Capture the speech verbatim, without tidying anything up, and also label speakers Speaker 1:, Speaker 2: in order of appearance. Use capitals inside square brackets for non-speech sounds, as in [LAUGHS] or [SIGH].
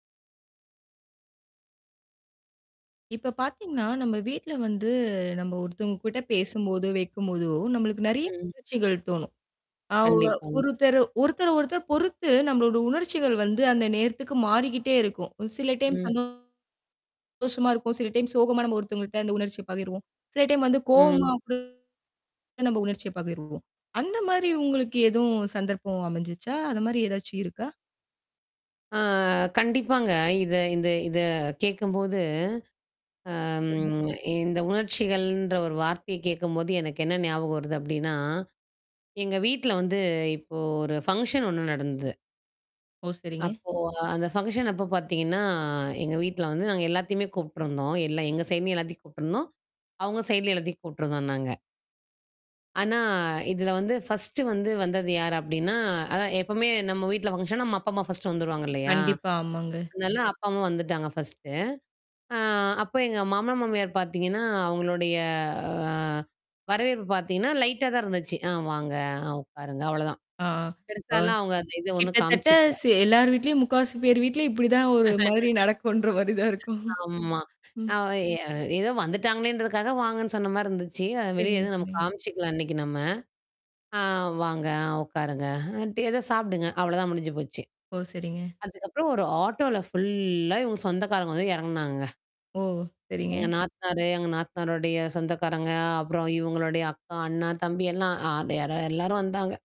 Speaker 1: இப்ப பார்த்தீங்கன்னா, நம்ம வீட்ல வந்து, நம்ப ஒருத்தவுங்கக்கிட்ட பேசும்போதோ! வெக்கும்போதோ! நம்மளுக்கு நிறைய
Speaker 2: ம்.
Speaker 1: உணர்ச்சிகள் தோணும். நான் [UNINTELLIGIBLE]
Speaker 2: கண்டிப்பாங்க.
Speaker 1: ஒருத்தர ஒருத்தர, ஒருத்தர் பொறுத்து நம்மளோட உணர்ச்சிகள் வந்து அந்த நேரத்துக்கு மாறிக்கிட்டே இருக்கும். ம் சில டைம்ஸ்
Speaker 2: ம்.
Speaker 1: வந்து சந்தோஷமா இருக்கும். சில டைம் சோகமா நம்ம ஒருத்தவுங்கக்கிட்ட அந்த உணர்ச்சிய பகிர்வோம். சில டைம் வந்து கோவமா
Speaker 2: ம்.
Speaker 1: [UNINTELLIGIBLE] நம்ப உணர்ச்சிய பகிருவோம் அந்தமாரி உங்களுக்கு எதுவும் சந்தர்ப்பம் அமைஞ்சுச்சா? அந்த மாரி ஏதாச்சும் இருக்கா?
Speaker 2: அ கண்டிப்பாங்க. இத இந்த இத கேட்கும்போது அம்,
Speaker 1: சரிங்க.
Speaker 2: இந்த உணர்ச்சிகள்ன்ற ஒரு வார்த்தைய கேட்கும்போது எனக்கு என்ன ஞாபகம் வருது அப்பிடின்னா, எங்க வீட்ல வந்து இப்போ ஒரு ஃபங்க்ஷன் ஒன்னு நடந்தது.
Speaker 1: ஓ! சரிங்க.
Speaker 2: அப்போ, அந்த ஃபங்க்ஷன் அப்ப பார்த்தீங்கன்னா, எங்க வீட்ல வந்து நாங்க எல்லாத்தையுமே கூப்பிட்டுருந்தோம், எல்லா எங்க சைமி எல்லாத்தையும் கூப்பிட்டுருந்தோம், அவுங்க சைட்லே எல்லாத்தையும் கூப்பிட்டுருந்தோம் நாங்க. ஆனா, இதில வந்து ஃபர்ஸ்ட்டு வந்து வந்தது யாரு அப்பிடின்னா, அதான் எப்பமே நம்ம வீட்ல ஃபங்ஷன்னா நம்ம அப்பா, அம்மா ஃபர்ஸ்ட்டு வந்துருவாங்க இல்லயா!
Speaker 1: கண்டிப்பா, ஆமாங்க.
Speaker 2: அதுனால அப்பா, அம்மா வந்துட்டாங்க ஃபர்ஸ்ட்டு. அ, அப்ப எங்க மாமனார், மாமியார் பார்த்தீங்கன்னா, அவுங்களுடைய அ வரவேற்பு பார்த்தீங்கன்னா லைட்டா தான் இருந்துச்சு. "அ வாங்க! உட்காருங்க!" அவ்ளதான்.
Speaker 1: அ, அ, அ
Speaker 2: பெருசாலாம் அவுங்க அந்த இத ஒன்னும்
Speaker 1: கிட்டத்தட்ட
Speaker 2: காமிச்சுக்கல.
Speaker 1: செ எல்லார் வீட்லயும் முக்காவாசி பேர் வீட்லயும் இப்பிடிதான் ஒருமாரி நடக்குன்றமாரி தான் இருக்கும்
Speaker 2: [LAUGHS] ஆமா.
Speaker 1: ம்.
Speaker 2: அ எ ஏதோ வந்துட்டாங்களேன்றதுக்காக, வாங்கன்னு சொன்னமாரி இருந்துச்சு. வெளிய
Speaker 1: சரிங்க,
Speaker 2: எதுவும்
Speaker 1: சரிங்க.
Speaker 2: காமிச்சுக்கல அன்னக்கி நம்ம. அ வாங்க, உட்காருங்க. [UNINTELLIGIBLE] ஏதோ சாப்பிடுங்க. அவ்ளதான் முடிஞ்சு போச்சு.
Speaker 1: ஓ! சரிங்க.
Speaker 2: அதுக்கப்புறம் ஒரு ஆட்டோல ஃபுல்லா இவுங்க சொந்தக்காரங்க வந்து இறங்குனாங்கங்க.
Speaker 1: ஓ! ஓ!
Speaker 2: எங்க
Speaker 1: சரிங்க.
Speaker 2: நாத்தனாரு, எங்க நாத்தனாருடைய சொந்தக்காரங்க, அப்புறம் இவுங்களுடைய அக்கா, அண்ணா, தம்பி எல்லாம் அ யாரோ எல்லாரும் வந்தாங்க.